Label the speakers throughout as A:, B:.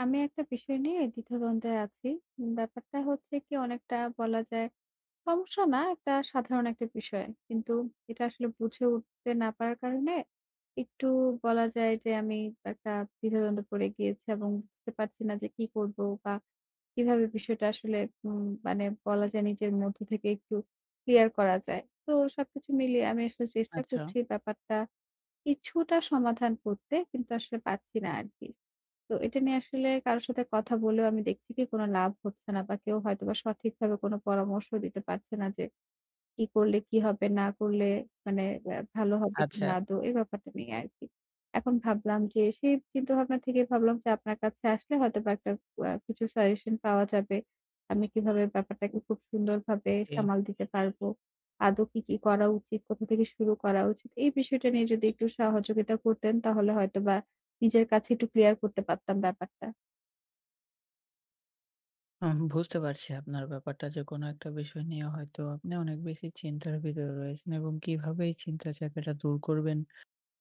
A: আমি একটা বিষয় নিয়ে দ্বিধা-দ্বন্দ্বে আছি। ব্যাপারটা হচ্ছে কি অনেকটা বলা যায়, সমস্যা না একটা সাধারণ একটা বিষয়। কিন্তু এটা আসলে বুঝে উঠতে না পারার কারণে, একটু বলা যায় যে আমি একটা দ্বিধা-দ্বন্দ্বে পড়ে গিয়েছি। এবং বুঝতে পারছি না যে কি করব বা কিভাবে বিষয়টা আসলে উম মানে বলা যায় নিজের মধ্যে থেকে একটু ক্লিয়ার করা যায়। তো সবকিছু মিলিয়ে আমি আসলে চেষ্টা
B: আচ্ছা।
A: করছি ব্যাপারটা কিছুটা সমাধান করতে, কিন্তু আসলে পারছি না আরকি। তো এটা নিয়ে আসলে কারো সাথে কথা বলেও আমি দেখছি কি কোন লাভ হচ্ছে না। বা কেউ হয়তোবা সঠিকভাবে কোন পরামর্শ দিতে পারছে না যে কি করলে কি হবে, না করলে মানে ভালো হবে কিনা
B: আচ্ছা।
A: আদৌ। এই ব্যাপারটা নিয়ে আরকি। এখন ভাবলাম যে সেই চিন্তাভাবনা থেকেই ভাবলাম, যে আপনার কাছে আসলে হয়তোবা একটা আ কিছু suggestion পাওয়া যাবে। আমি কিভাবে ব্যাপারটাকে খুব সুন্দরভাবে
B: জি।
A: সামাল দিতে পারব। আদৌ কি কি করা উচিত? কোথা থেকে শুরু করা উচিত? এই বিষয়টা নিয়ে যদি একটু সহযোগিতা করতেন তাহলে হয়তোবা নিজের কাছে একটু ক্লিয়ার করতে পারতাম ব্যাপারটা।
B: ওহ! বুঝতে পারছি আপনার ব্যাপারটা যে কোন একটা বিষয় নিয়ে হয়তো আপনি অনেক বেশি চিন্তার ভিতরে রয়েছেন এবং কিভাবে এই চিন্তার জায়গাটা দূর করবেন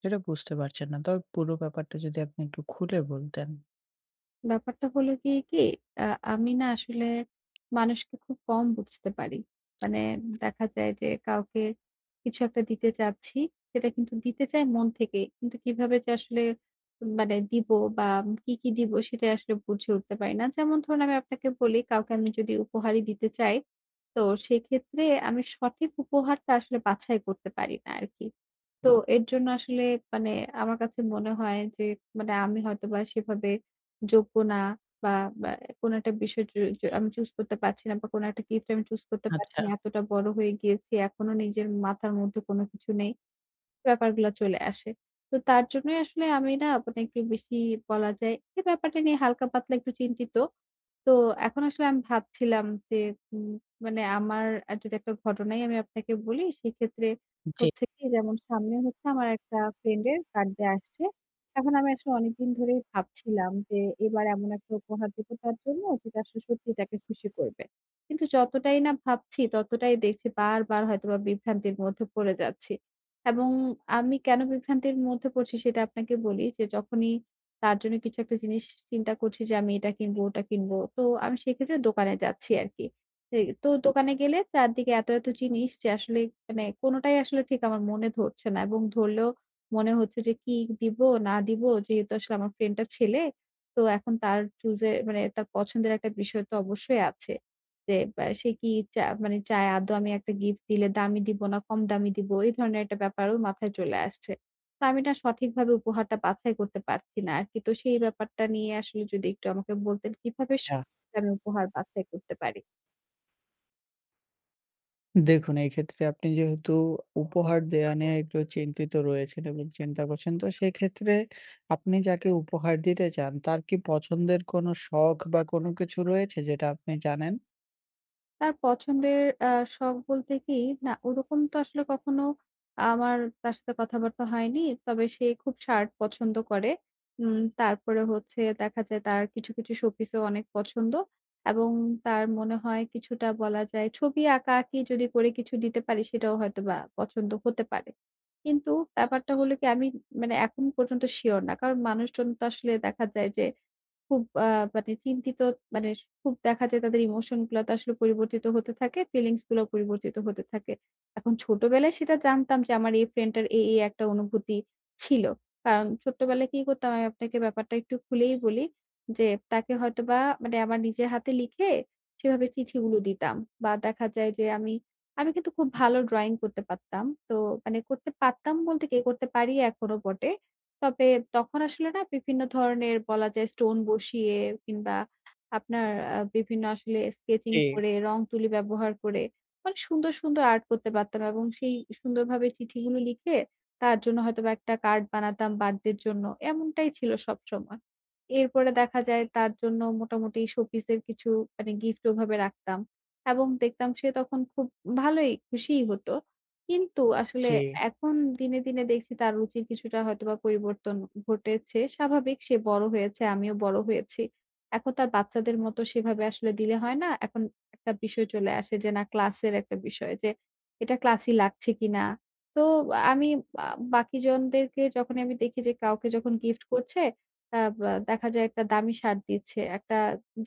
B: সেটা বুঝতে পারছেন না। তবে পুরো ব্যাপারটা যদি আপনি একটু খুলে বলতেন।
A: ব্যাপারটা হলো গিয়ে কি, আ আমি না আসলে মানুষকে খুব কম বুঝতে পারি। মানে দেখা যায় যে কাউকে কিছু একটা দিতে চাচ্ছি, সেটা কিন্তু দিতে চাই মন থেকে। কিন্তু কিভাবে যে আসলে মানে দিব বা কি, কি দিব সেটাই আসলে বুঝে উঠতে পারি না। যেমন ধরুন আমি আপনাকে বলি কাউকে আমি যদি উপহারই দিতে চাই তো সেক্ষেত্রে আমি সঠিক উপহারটা আসলে বাছাই করতে পারি না আরকি। তো এর জন্য আসলে মানে আমার কাছে মনে হয় যে মানে আমি হয়তোবা সেভাবে যোগ্য না বা ব্যা কোন একটা বিষয় য য আমি choose করতে পারছি না বা কোন একটা gift আমি choose করতে পারছি
B: আচ্ছা।
A: না। এতটা বড় হয়ে গিয়েছি এখনো নিজের মাথার মধ্যে কোন কিছু নেই। ব্যাপারগুলা চলে আসে। তো তার জন্যই আসলে আমি না আপনাকে বেশি বলা যায় এই ব্যাপারটা নিয়ে হালকা-পাতলা একটু চিন্তিত। তো এখন আসলে আমি ভাবছিলাম যে উম মানে আমার যদি একটা ঘটনাই আমি আপনাকে বলি সেক্ষেত্রে
B: জি।
A: হচ্ছে কি যেমন সামনে হচ্ছে আমার একটা friend এর birthday আসছে। এখন আমি আসলে অনেকদিন ধরেই ভাবছিলাম যে এবার এমন একটা উপহার দিব তার জন্য যেটা আসলে সত্যিই তাকে খুশি করবে। কিন্তু যতটাই না ভাবছি ততটাই দেখছি বারবার হয়তোবা বিভ্রান্তির মধ্যে পড়ে যাচ্ছি এবং আমি কেন বিভ্রান্তির মধ্যে পড়ছি সেটা আপনাকে বলি যে যখনই তার জন্য কিছু একটা জিনিস চিন্তা করছি যে আমি এটা কিনব, ওটা কিনব তো আমি সেক্ষেত্রে দোকানে যাচ্ছি আরকি। [unintelligible] তো দোকানে গেলে চারদিকে এত এত জিনিস যে আসলে মানে কোনটাই আসলে ঠিক আমার মনে ধরছে না এবং ধরলেও মনে হচ্ছে যে কি দিব না দিব। যেহেতু আসলে আমার friend টা ছেলে তো এখন তার choose এ মানে তার পছন্দের একটা বিষয় তো অবশ্যই আছে। যে বে সে কি চায় মানে চায় আদৌ আমি একটা gift দিলে দামি দিব না কম দামি দিব এই ধরনের একটা ব্যাপারও মাথায় চলে আসছে। তো আমি না সঠিকভাবে উপহারটা বাছাই করতে পারছি না আরকি। তো সেই ব্যাপারটা নিয়ে আসলে যদি একটু আমাকে বলতেন কিভাবে স
B: হ্যাঁ।
A: আমি উপহার বাছাই করতে পারি।
B: দেখুন, এই ক্ষেত্রে আপনি যেহেতু উপহার দেয়া নেওয়া একটু চিন্তিত রয়েছেন এবং চিন্তা করছেন তো সেই ক্ষেত্রে আপনি যাকে উপহার দিতে চান তার কি পছন্দের কোন শখ বা কোন কিছু রয়েছে যেটা আপনি জানেন?
A: তার পছন্দের অ্যা শখ বলতে কি, না ওরকম তো আসলে কখনো আমার তার সাথে কথাবার্তা হয়নি। তবে সে খুব shirt পছন্দ করে। উম তারপরে হচ্ছে, দেখা যায় তার কিছু কিছু showpiece-ও অনেক পছন্দ এবং তার মনে হয় কিছুটা বলা যায় ছবি আঁকা-আঁকি যদি করে কিছু দিতে পারি সেটাও হয়তোবা পছন্দ হতে পারে। কিন্তু ব্যাপারটা হলো কি আমি মানে এখন পর্যন্ত sure না। কারণ মানুষজন তো আসলে দেখা যায় যে খুব অ্যা মানে চিন্তিত মানে খুব দেখা যায় তাদের emotion গুলা তো আসলে পরিবর্তিত হতে থাকে, feelings গুলাও পরিবর্তিত হতে থাকে। এখন ছোটবেলায় সেটা জানতাম যে, আমার এই friend টার এই, এই একটা অনুভূতি ছিল। কারণ ছোটবেলায় কি করতাম আমি আপনাকে ব্যাপারটা একটু খুলেই বলি। যে তাকে হয়তোবা মানে আমার নিজের হাতে লিখে সেভাবে চিঠিগুলো দিতাম বা দেখা যায় যে আমি, আমি কিন্তু খুব ভালো drawing করতে পারতাম। তো মানে করতে পারতাম বলতে কি করতে পারি এখনো বটে। তবে তখন আসলে না বিভিন্ন ধরনের বলা যায় stone বসিয়ে কিংবা আপনার আ বিভিন্ন আসলে sketching
B: জি।
A: করে, রং-তুলি ব্যবহার করে মানে সুন্দর, সুন্দর art করতে পারতাম এবং সেই সুন্দরভাবে চিঠিগুলো লিখে তার জন্য হয়তোবা একটা card বানাতাম birthdayর জন্য, এমনটাই ছিল সবসময়। এরপরে দেখা যায় তার জন্য মোটামুটি showpiece এর কিছু মানে gift ওভাবে রাখতাম এবং দেখতাম সে তখন খুব ভালোই খুশিই হতো। কিন্তু আসলে
B: জি।
A: এখন দিনে, দিনে দেখছি তার রুচির কিছুটা হয়তোবা পরিবর্তন ঘটেছে। স্বাভাবিক সে বড় হয়েছে, আমিও বড় হয়েছি, এখন তো আর বাচ্চাদের মত সেভাবে আসলে দিলে হয় না। এখন একটা বিষয় চলে আসে যে না class এর একটা বিষয় যে এটা classy লাগছে কিনা! তো আ আমি আ বাকিজনদেরকে যখনই আমি দেখি যে কাউকে যখন gift করছে অ্যা ব্যা দেখা যায় একটা দামি shirt দিচ্ছে। একটা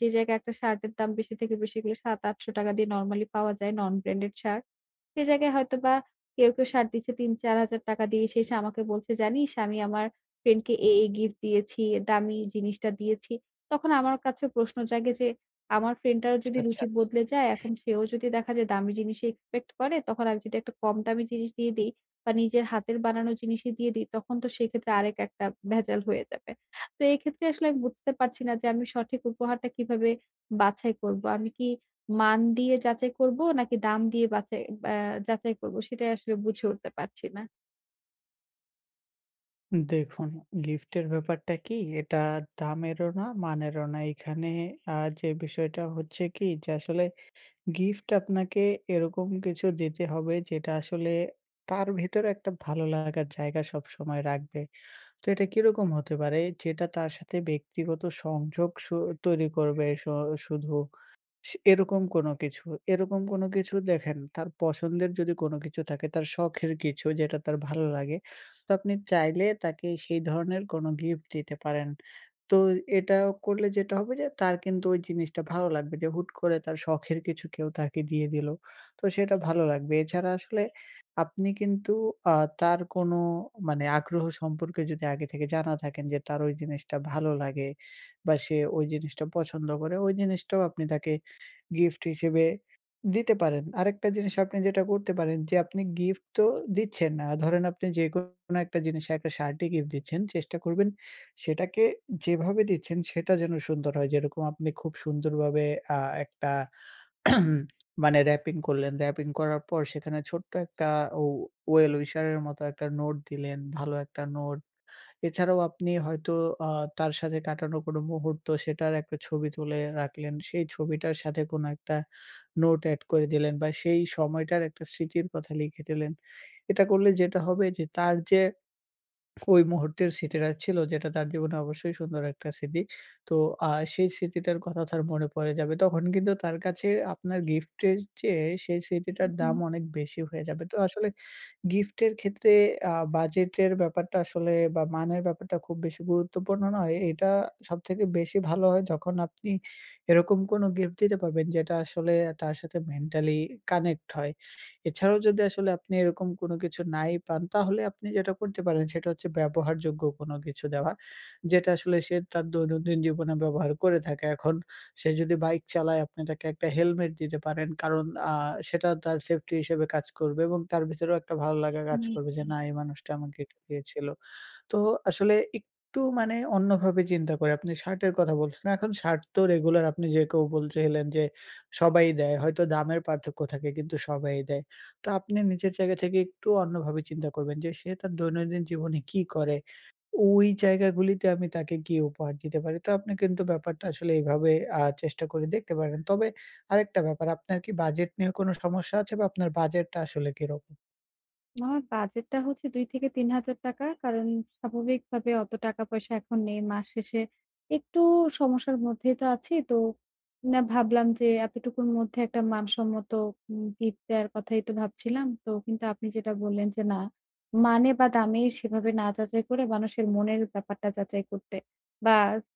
A: যে জায়গায় একটা shirt এর দাম বেশি থেকে বেশি হলে ৳৭-৮০০ দিয়ে normally পাওয়া যায় non branded shirt সে জায়গায় হয়তোবা কেউ, কেউ shirt দিচ্ছে ৳৩-৪,০০০ দিয়ে। সে এসে আমাকে বলছে জানিস আমি আমার friend কে এই, এই gift দিয়েছি, দামি জিনিসটা দিয়েছি। তখন আমার কাছে প্রশ্ন জাগে যে আমার friend টারও
B: আচ্ছা,
A: যদি
B: আচ্ছা।
A: রুচি বদলে যায় এখন সেও যদি দেখা যায় দামি জিনিসই expect করে তখন আমি যদি একটা কম দামি জিনিস দিয়ে দেই বা নিজের হাতের বানানো জিনিসই দিয়ে দেই তখন তো সেক্ষেত্রে আরেক একটা ভেজাল হয়ে যাবে। তো এই ক্ষেত্রে আসলে আমি বুঝতে পারছি না যে আমি সঠিক উপহারটা কিভাবে বাছাই করব? আমি কি মান দিয়ে যাচাই করব নাকি দাম দিয়ে বাছাই অ্যা যাচাই করব? সেটা আসলে বুঝে উঠতে পারছি না।
B: দেখুন, gift এর ব্যাপারটা কি এটা দামেরও না, মানেরও না। এখানে আ যে বিষয়টা হচ্ছে কি, যে আসলে gift আপনাকে এরকম কিছু দিতে হবে, যেটা আসলে তার ভেতরে একটা ভালো লাগার জায়গা সব সময় রাখবে। তো এটা কিরকম হতে পারে? যেটা তার সাথে ব্যক্তিগত সংযোগ স তৈরি করবে স শুধু এরকম কোনো কিছু, এরকম কোনো কিছু দেখেন। তার পছন্দের যদি কোনো কিছু থাকে, তার শখের কিছু যেটা তার ভাল্লাগে। তো আপনি চাইলে তাকে সেই ধরনের কোনো gift দিতে পারেন। তো এটা করলে যেটা হবে যে, তার কিন্তু ওই জিনিসটা ভালো লাগবে, যে হুট করে তার শখের কিছু কেউ তাকে দিয়ে দিল। তো সেটা ভালো লাগবে। এছাড়া আসলে আপনি কিন্তু আ তার কোনো মানে আগ্রহ সম্পর্কে যদি আগে থেকে জানা থাকেন, যে তার ওই জিনিসটা ভালো লাগে বা সে ওই জিনিসটা পছন্দ করে। ওই জিনিসটাও আপনি তাকে gift হিসেবে দিতে পারেন। আরেকটা জিনিস আপনি যেটা করতে পারেন। যে আপনি gift তো দিচ্ছেন, আ ধরেন আপনি যেকোনো একটা জিনিস, একটা shirt ই gift দিচ্ছেন। চেষ্টা করবেন সেটাকে যেভাবে দিচ্ছেন সেটা যেন সুন্দর হয়। যেরকম আপনি খুব সুন্দরভাবে আ একটা মানে wrapping করলেন। Wrapping করার পর সেখানে ছোট্ট একটা ও well wisher এর মতো একটা note দিলেন, ভালো একটা note। এছাড়াও আপনি হয়তো আ তার সাথে কাটানো কোনো মুহূর্ত, সেটার একটা ছবি তুলে রাখলেন। সেই ছবিটার সাথে কোনো একটা, নোট add করে দিলেন বা সেই সময়টার একটা স্মৃতির কথা লিখে দিলেন। এটা করলে যেটা হবে যে, তার যে কই মুহূর্তের স্মৃতিটা ছিল যেটা তার জীবনে অবশ্যই সুন্দর একটা স্মৃতি, তো আ সেই স্মৃতিটার কথা তার মনে পড়ে যাবে। তখন কিন্তু তার কাছে আপনার gift এর চেয়ে সেই
A: হু,
B: স্মৃতিটার
A: হু।
B: দাম অনেক বেশি হয়ে যাবে। তো আসলে gift এর ক্ষেত্রে আ budget এর ব্যাপারটা আসলে বা মানের ব্যাপারটা খুব বেশি গুরুত্বপূর্ণ নয়। এটা সবথেকে বেশি ভালো হয় যখন আপনি এরকম কোনো gift দিতে পারবেন, যেটা আসলে তার সাথে mentally connect হয়। এছাড়াও যদি আসলে আপনি এরকম কোনো কিছু নাই পান। তাহলে আপনি যেটা করতে পারেন সেটা হচ্ছে ব্যবহারযোগ্য কোনো কিছু দেওয়া। যেটা আসলে সে তার দৈনন্দিন জীবনে ব্যবহার করে থাকে। এখন সে যদি bike চালায়, আপনি তাকে একটা helmet দিতে পারেন। কারণ আ সেটা তার safety হিসেবে কাজ করবে এবং তার ভেতরেও একটা ভালো লাগা কাজ
A: হুম,
B: করবে, যে
A: হু।
B: না এই মানুষটা আমাকে এটা দিয়েছিল। তো আসলে একটু মানে অন্যভাবে চিন্তা করে, আপনি shirt এর কথা বলছেন। এখন shirt তো regular, আপনি যে কেউ বলতে গেলে যে সবাই দেয়। হয়তো দামের পার্থক্য থাকে কিন্তু সবাই দেয়। তো আপনি নিজের জায়গা থেকে একটু অন্যভাবে চিন্তা করবেন যে সে তার দৈনন্দিন জীবনে কী করে, ওই জায়গাগুলিতে আমি তাকে কী উপহার দিতে পারি। তো আপনি কিন্তু ব্যাপারটা আসলে এইভাবে আ চেষ্টা করে দেখতে পারেন। তবে আরেকটা ব্যাপার, আপনার কি budget নিয়ে কোনো সমস্যা আছে বা আপনার budget টা আসলে কিরকম?
A: আমার বাজেটটা হচ্ছে ৳২ থেকে ৳৩০০০ কারণ স্বাভাবিকভাবে অত টাকা-পয়সা এখন নেই। মাস শেষে একটু সমস্যার মধ্যেই তো আছি। তো না ভাবলাম যে এতটুকুর মধ্যে একটা মানসম্মত উম গিফট দেয়ার কথাই তো ভাবছিলাম। তো কিন্তু আপনি যেটা বললেন, যে না, মানে বা দামেই সেভাবে না যাচাই করে মানুষের মনের ব্যাপারটা যাচাই করতে বা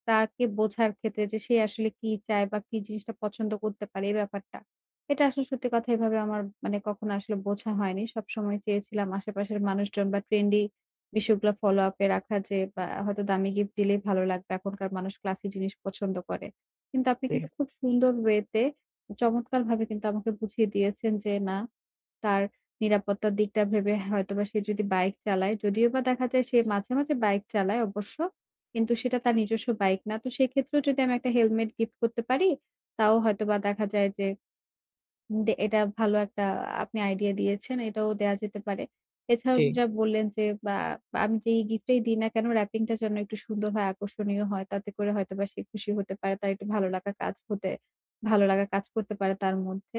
A: তাকে বোঝার ক্ষেত্রে যে সে আসলে কি চায় বা কি জিনিসটা পছন্দ করতে পারে এই ব্যাপারটা। এটা আসলে সত্যি কথা এভাবে আমার মানে কখনো আসলে বোঝা হয়নি। সব সময় চেয়েছিলাম আশেপাশের মানুষজন বা ট্রেন্ডি বিষয়গুলা ফলোআপে রাখা যে বা হয়তো দামি গিফট দিলেই ভালো লাগবে। এখনকার মানুষ ক্লাসি জিনিস পছন্দ করে। কিন্তু আপনি
B: জী।
A: কিন্তু খুব সুন্দর ওয়েতে চমৎকারভাবে কিন্তু আমাকে বুঝিয়ে দিয়েছেন যে না, তার নিরাপত্তার দিকটা ভেবে হয়তোবা সে যদি বাইক চালায় যদিও বা দেখা যায় সে মাঝে, মাঝে বাইক চালায় অবশ্য কিন্তু সেটা তার নিজস্ব বাইক না। তো সেক্ষেত্রেও যদি আমি একটা হেলমেট গিফট করতে পারি তাও হয়তোবা দেখা যায় যে উম দে এটা ভালো একটা আপনি আইডিয়া দিয়েছেন। এটাও দেয়া যেতে পারে। এছাড়াও যে
B: জী।
A: যা বললেন, যে বা আমি যেই গিফটই দিই না কেন র‍্যাপিংটা যেন একটু সুন্দর হয়, আকর্ষণীয় হয় তাতে করে হয়তোবা সে খুশি হতে পারে। তার একটু ভালো লাগা কাজ হতে ভালো লাগা কাজ করতে পারে তার মধ্যে।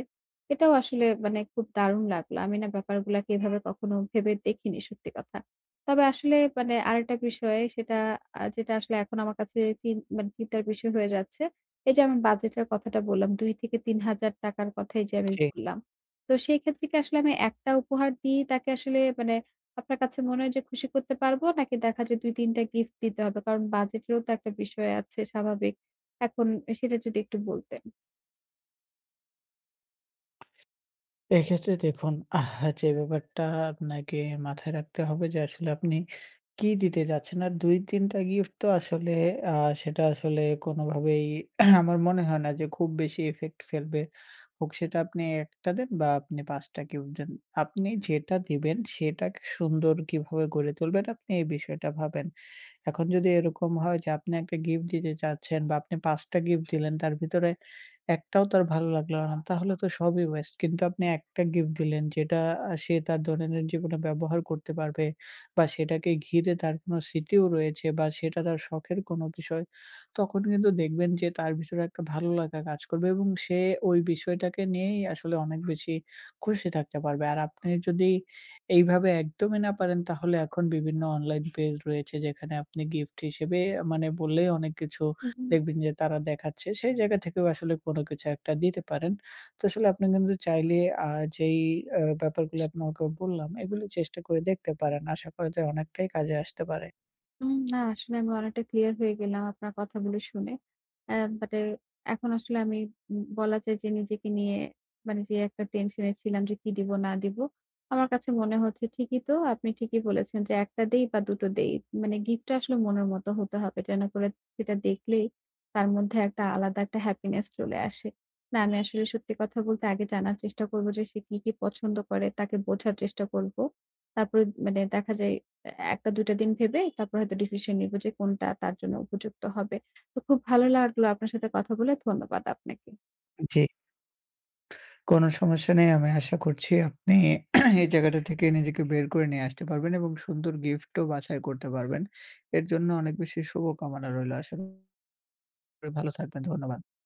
A: এটাও আসলে মানে খুব দারুন লাগলো। আমি না ব্যাপারগুলাকে এভাবে কখনো ভেবে দেখিনি সত্যি কথা। তবে আসলে মানে আরেকটা বিষয় সেটা, আ যেটা আসলে এখন আমার কাছে চিন মানে চিন্তার বিষয় হয়ে যাচ্ছে। এই যে আমি বাজেটের কথাটা বললাম ৳২ থেকে ৳৩০০০ র কথাই যে আমি
B: জি।
A: বললাম। তো সেই ক্ষেত্রে কি আসলে আমি একটা উপহার দিয়েই তাকে আসলে মানে আপনার কাছে মনে হয় যে খুশি করতে পারবো? নাকি দেখা যায় ২ ৩ টা গিফট দিতে হবে? কারণ বাজেটেরও তো একটা বিষয় আছে স্বাভাবিক। এখন সেটা যদি একটু বলতেন।
B: এক্ষেত্রে দেখুন, আহ যে ব্যাপারটা আপনাকে মাথায় রাখতে হবে যে আসলে আপনি কী দিতে চাচ্ছেন। আর ২-৩ টা গিফট তো আসলে আ সেটা আসলে কোনোভাবেই আমার মনে হয় না যে খুব বেশি ইফেক্ট ফেলবে। হোক সেটা আপনি ১ টা দেন বা আপনি ৫ টা গিফট দেন, আপনি যেটা দিবেন সেটাকে সুন্দর কিভাবে গড়ে তুলবেন আপনি এই বিষয়টা ভাবেন। এখন যদি এরকম হয় যে আপনি ১ টা গিফট দিতে চাচ্ছেন বা আপনি ৫ টা গিফট দিলেন তার ভিতরে একটাও তার ভালো লাগলো না তাহলে তো সবই ওয়েস্ট। কিন্তু আপনি একটা গিফট দিলেন যেটা আ সে তার দৈনন্দিন জীবনে ব্যবহার করতে পারবে বা সেটাকে ঘিরে তার কোনো স্মৃতিও রয়েছে বা সেটা তার শখের কোনো বিষয়। তখন কিন্তু দেখবেন যে তার ভিতরে একটা ভালো লাগা কাজ করবে। এবং সে ওই বিষয়টাকে নিয়েই আসলে অনেক বেশি খুশি থাকতে পারবে। আর আপনি যদি এইভাবে একদমই না পারেন তাহলে এখন বিভিন্ন অনলাইন পেজ রয়েছে যেখানে আপনি গিফট হিসেবে মানে বলে অনেক কিছু
A: হু, হুম।
B: দেখবেন যে তারা দেখাচ্ছে। সেই জায়গা থেকেও আসলে কোনো কিছু একটা দিতে পারেন। তো আসলে আপনি কিন্তু চাইলে আ যেই অ্যা ব্যাপারগুলো আপনাকে বললাম এগুলো চেষ্টা করে দেখতে পারেন। আশা করা যায় অনেকটাই কাজে আসতে পারে।
A: উম না আসলে আমি অনেকটা ক্লিয়ার হয়ে গেলাম আপনার কথাগুলি শুনে। অ্যা বাট এখন আসলে আমি ব বলা যায় যে নিজেকে নিয়ে, মানে যে একটা টেনশনে ছিলাম যে কি দিব না দিব। আমার কাছে মনে হচ্ছে ঠিকই তো আপনি ঠিকই বলেছেন যে ১ টা দেই বা দুটো দেই, মানে গিফটটা আসলে মনের মত হতে হবে যেন করে সেটা দেখলেই তার মধ্যে একটা আলাদা একটা হ্যাপিনেস চলে আসে। না আমি আসলে সত্যি কথা বলতে আগে জানার চেষ্টা করব যে সে কি, কি পছন্দ করে? তাকে বোঝার চেষ্টা করব। তারপরে মানে দেখা যায় এ্যা ১ টা ২ টা দিন ভেবে তারপর হয়তো ডিসিশন নিব যে কোনটা তার জন্য উপযুক্ত হবে। তো খুব ভালো লাগলো আপনার সাথে কথা বলে। ধন্যবাদ আপনাকে।
B: জি। কোনো সমস্যা নেই। আমি আশা করছি আপনি এই জায়গাটা থেকে নিজেকে বের করে নিয়ে আসতে পারবেন, এবং সুন্দর গিফটও বাছাই করতে পারবেন। এর জন্য অনেক বেশি শুভকামনা রইল আস করি ভালো থাকবেন। ধন্যবাদ।